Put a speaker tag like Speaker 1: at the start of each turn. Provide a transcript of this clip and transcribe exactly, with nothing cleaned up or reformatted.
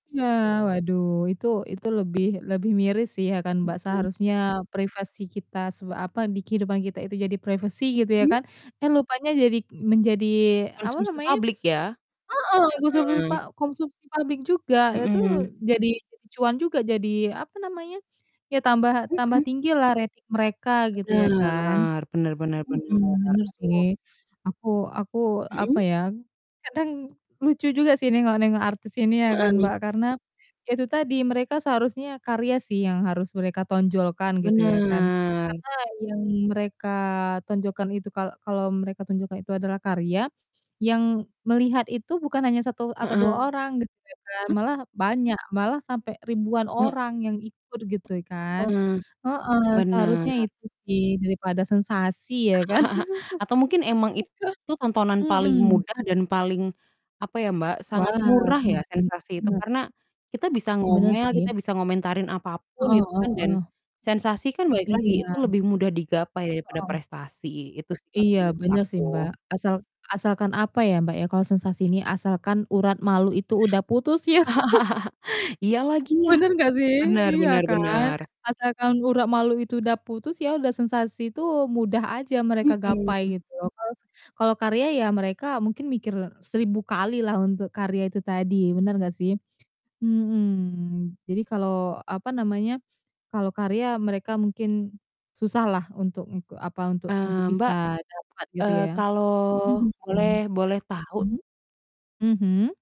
Speaker 1: Iya, waduh, itu itu, lebih lebih miris sih ya kan, Mbak
Speaker 2: Mhm.
Speaker 1: seharusnya privasi kita s apa, di kehidupan kita itu jadi privasi gitu ya
Speaker 2: Mmm.
Speaker 1: kan, eh, lupanya jadi menjadi, apa
Speaker 2: Konsumsi
Speaker 1: namanya
Speaker 2: publik ya?
Speaker 1: heeh, konsumsi pa
Speaker 2: Heeh.
Speaker 1: konsumsi publik juga itu
Speaker 2: Mhm.
Speaker 1: jadi jadi cuan juga, jadi, apa namanya, ya tambaha tambah
Speaker 2: Mhm.
Speaker 1: tinggi lah rating mereka gitu ya kan,
Speaker 2: Bener. Bener bener
Speaker 1: mhm.
Speaker 2: bener.
Speaker 1: Bener sih.
Speaker 2: Aduh.
Speaker 1: Aku aku, apa
Speaker 2: Mhm.
Speaker 1: ya, kadang lucu juga sih ini nengok nengok artis ini ya kan
Speaker 2: Heeh.
Speaker 1: Mbak, karena ya itu tadi mereka seharusnya karya sih yang harus mereka tonjolkan gitu ya kan,
Speaker 2: Bener.
Speaker 1: karena yang mereka tonjolkan itu kalau kalau mereka tonjolkan itu adalah karya yang melihat itu bukan hanya satu atau dua
Speaker 2: Heeh.
Speaker 1: orang gitu ya kan, malah banyak, malah sampai ribuan orang yang ikut gitu kan,
Speaker 2: Heeh.
Speaker 1: heeh.
Speaker 2: Bener.
Speaker 1: Seharusnya itu sih daripada sensasi ya kan
Speaker 2: Atau mungkin emang itu tontonan paling
Speaker 1: Mhm.
Speaker 2: mudah dan paling apa ya Mbak,
Speaker 1: Wow.
Speaker 2: sangat murah ya
Speaker 1: Mhm,
Speaker 2: sensasi itu.
Speaker 1: bener.
Speaker 2: Karena kita bisa
Speaker 1: Bener
Speaker 2: ngomel, kita
Speaker 1: sih.
Speaker 2: bisa ngomentarin apapun
Speaker 1: Heeh
Speaker 2: gitu
Speaker 1: heeh
Speaker 2: kan, dan
Speaker 1: heeh.
Speaker 2: sensasi kan balik lagi itu
Speaker 1: Iya.
Speaker 2: lebih mudah digapai daripada
Speaker 1: Heeh.
Speaker 2: prestasi itu sih kalau
Speaker 1: Iya,
Speaker 2: menurut
Speaker 1: bener sih,
Speaker 2: aku.
Speaker 1: Mbak, asal asalkan, apa ya, Mbak, ya, kalau sensasi ini, asalkan urat malu itu udah putus ya.
Speaker 2: Iya lagi, ya?
Speaker 1: Bener gak sih,
Speaker 2: Bener
Speaker 1: iya
Speaker 2: bener
Speaker 1: kan?
Speaker 2: bener.
Speaker 1: Asalkan urat malu itu udah putus, ya udah sensasi itu mudah aja mereka gapai
Speaker 2: Mhm.
Speaker 1: gitu. loh. Kalau kalau karya ya mereka mungkin mikir seribu kali lah untuk karya itu tadi, bener gak sih? Mhm. Jadi kalau apa namanya, kalau karya mereka mungkin susah lah untuk untuk apa, untuk
Speaker 2: Eee, Mbak,
Speaker 1: bisa dapat gitu
Speaker 2: eee,
Speaker 1: ya?
Speaker 2: kalau
Speaker 1: Mhm.
Speaker 2: boleh
Speaker 1: Mmm?
Speaker 2: boleh tahu
Speaker 1: Mhm?